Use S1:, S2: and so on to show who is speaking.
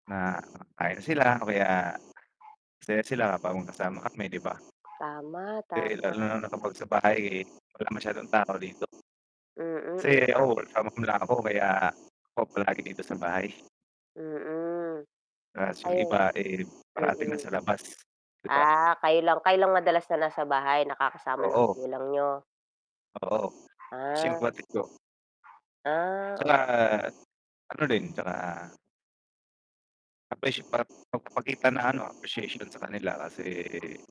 S1: Na kain sila o kaya masaya sila kapag magkasama kami, 'di ba?
S2: Tama,
S1: Eh,
S2: tama.
S1: lalo na nakapag sa bahay, eh, wala masyadong tao dito.
S2: Mm, m
S1: Kasi, ako [unintelligible] ako, kaya ako palagi dito sa bahay.
S2: Mm,
S1: 'Tas yung
S2: ayun,
S1: iba, eh, parating
S2: mm.
S1: na sa labas, 'di ba?
S2: Ah, kayo lang, kayo madalas na nasa bahay nakakasama ng
S1: Oo.
S2: magulang niyo.?
S1: Oo,
S2: Ah.
S1: simpatiko.
S2: Ah,
S1: 'Tsaka
S2: oo.
S1: ano din, 'tsaka Appreciate pa pagpapakita ng ano, appreciation sa kanila kasi.